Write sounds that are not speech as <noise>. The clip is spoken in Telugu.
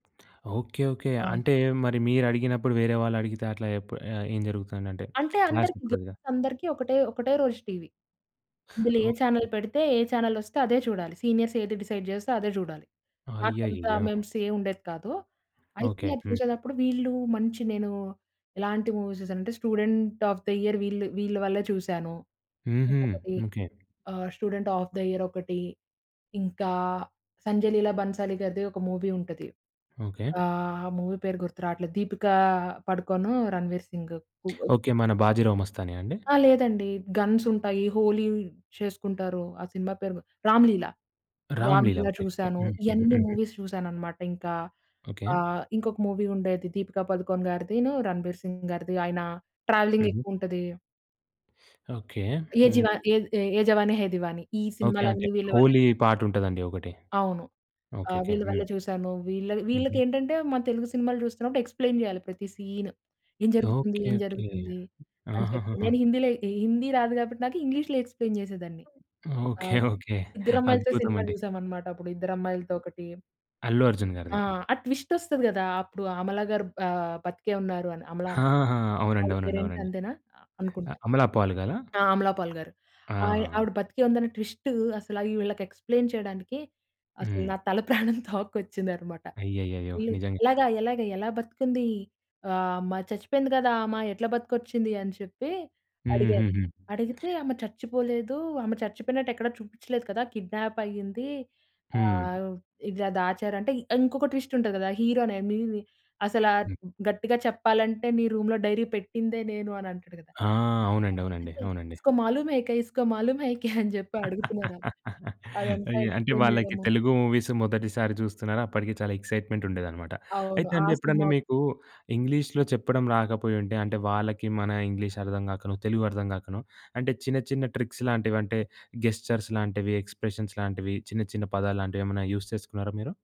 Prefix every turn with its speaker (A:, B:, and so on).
A: ఓకే. ఓకే.
B: అవును.
A: అంటే మరి మీరు అడిగినప్పుడు వేరే వాళ్ళు అడిగితే అట్లా ఎప్పు ఆ! ఏం జరుగుతుందంటే
B: అంటే
A: <smacks lips> క్లాస్
B: అందరికి
A: ఓప్పుకొదుగా.
B: గర్ల్స్ అందరికి ఒకటే, ఒకటే రోజు టీవీ. ఇందులో ఏ
A: ఓకే.
B: Channel
A: okay.
B: పెడితే, ఏ చానెల్ వస్తే అదే చూడాలి. సీనియర్స్ ఏది డిసైడ్ జేస్తే అదే జూడాలి. మాకు అంత
A: అయ్యయ్యయ్యో!
B: మెమ్స్ ఏమి ఉండేది కాదు,
A: ఓకే.
B: అయితే
A: హ్మ్.
B: చూసేటప్పుడు వీళ్ళు మంచి నేను ఎలాంటి మూవీస్ చూసానంటే 'స్టూడెంట్ ఒఎఫ్ ద యియర్' వీళ్ళు వీళ్ళ వల్లే చూసాను,
A: హుహు.
B: ఇంకొకటి
A: ఓకే.
B: ఆహ్, 'స్టూడెంట్ ఒఎఫ్ ద యియర్' ఒకటి, ఇంకా 'సంజయ్ లీలా భన్సాలి' గారిది ఒక మూవీ ఉంటది.
A: ఓకే.
B: ఆహ్, మూవీ పేరు గుర్తు రావట్లేదు దీపిక పడుకోను 'రణ్వీర్ సింగ్'
A: ఓకే. మన 'బాజీరావ్ మస్తాని' అండి.
B: ఆ! లేదండి గన్స్ ఉంటాయి. 'హోలీ' చేసుకుంటారు. ఆ సినిమా పేరు గు 'రామ్‌లీల,
A: 'రామ్‌ లీల'
B: రా‌మ్‌లీల'
A: ఓకే.
B: చూసాను.
A: హుహు.
B: ఇయన్నీ
A: హుహు.
B: మూవీస్ చూసానన్నమాట. ఇంకా
A: ఓకే.
B: ఆహ్, ఇంకొక మూవీ ఉండేది 'దీపిక పదుకోన్' గారిదిను 'రణబీర్ సింగ్' గారిది ఆయన ట్రావెలింగ్
A: హుహు.
B: ఎక్కువ ఉంటది.
A: ఓకే.
B: ఏ జీవ
A: హ్మ్.
B: ఏ 'ఏ జవాని హే దివాని' ఈ
A: ఓకే. అంటే
B: సినిమా‌లన్నీ వీళ్ళ వల్లె
A: 'హోలీ' పాట్ ఉంటదండి ఒకటి.
B: అవును.
A: ఓకే.
B: ఆహ్,
A: ఓకే.
B: వీళ్ళ
A: హ్మ్.
B: వల్లె చూసాను. వీళ్ళ
A: హుహు.
B: వీళ్ళకేంటంటే మన తెలుగు సినిమాలు చూస్తున్నప్పుడు ఎక్స్‌ప్లైన్ జేయాలి. ప్రతి సీన్ ఏం జరుగుతుంది?
A: ఓకే.
B: ఏం
A: ఓకే.
B: జరుగుతుంది? అని చెప్పి నేను
A: ఆహహహ!
B: హిందీలో హిందీ రాదు కాబట్టి, నాకు ఇంగ్లీష్‌లో ఎక్స్‌ప్లైన్ జేసేదాన్ని.
A: ఓకే.
B: ఆహ్,
A: ఓకే.
B: ఇద్దరు అమ్మాయిలతో
A: అద్భుతం
B: సినిమా
A: అండి.
B: చూసామన్నమాట. అప్పుడు ఇద్దరు అమ్మాయిలతో ఒకటి
A: 'అల్లు అర్జున్'
B: ఆ!
A: గారిది.
B: ఆ ట్విస్ట్ వొస్తది గదా! అప్పుడు అమల గారు ఆహ్, బతికే ఉన్నారు అని అమలన
A: ఆ! అవునండి.
B: ఆవిడ పేరు
A: అవునండి.
B: ఏంటి
A: అవునండి.
B: అంతేనా
A: ఆ
B: అనుకుంటా.
A: అమలా పాల్ గాల?
B: ఆ! 'అమలా పాల్' గారు ఆహ్,
A: ఆ!
B: ఆవిడ బ్రతికే ఉందని ట్విస్ట్ అసల వీళ్ళకి ఎక్స్‌ప్లైన్ చేయడానికి అసలు
A: హ్మ్.
B: నా తల ప్రాణం తోక్కొచ్చిందన్నమాట.
A: అయ్యయ్యయ్యో!
B: వీళు
A: నిజంగా
B: "ఎలాగా ఎలాగా ఎలా బతికింది ఆహ్, మ చచ్చిపోయింది కదా! ఆమ ఎట్లా బతికొచ్చింది" అని చెప్పి అడిగారు.
A: హుహుహు.
B: అడిగితే ఆమె చచ్చిపోలేదు ఆమె చచ్చిపోయినట్టు ఎక్కడా చూపించలేదు కదా! కిడ్నాప్ అయ్యింది.
A: హ్మ్.
B: ఆహ్, ఇలా దాచారు అంటే ఇ ఇంకొక ట్విస్ట్ ఉంటది కదా! హీరో అనేని అసల
A: హ్మ్.
B: గట్టిగా చెప్పాలంటే నీ "రూమ్‌లో డైరీ పెట్టిందే నేను" అని అంటాడు కదా!
A: ఆ!
B: ఆ!
A: అవునండి. అవునండి.
B: అయితే
A: అవునండి.
B: ఇస్కొ మాలుం హేకే ఇస్కొ మాలుం హేకే అని చెప్పి అడుగుతున్నారు అలు.
A: <laughs>
B: అదంతా
A: అయ్యో! అంటే
B: ఎక్స్‌ప్లైన్
A: వాళ్ళకి
B: చేయడము.
A: తెలుగు మూవీస్ మొదటిసారి చూస్తున్నారు అప్పటికి చాలా ఎక్స్‌జైట్‌మెంట్ ఉండేది అన్నమాట.
B: అవును
A: అయితే
B: ఆ!
A: అండి ఎప్పుడన్నా
B: సినిమా
A: మీకు
B: ఒకటి.
A: ఇంగ్లీష్‌లో చెప్పడం రాకపోయుంటే, అంటే వాళ్ళకి మన ఇంగ్లీష్ అర్థం గాకనొ తెలుగు అర్థం గాకనో అంటే చిన్న, చిన్న ట్రిక్స్ లాంటివి అంటే గెస్చర్స్ లాంటివి ఎక్స్‌ప్రష‌న్స్ లాంటివి చిన్న, చిన్న పదాలు లాంటివి ఏమైనా యూజ్ చేసుకున్నారా మీరు?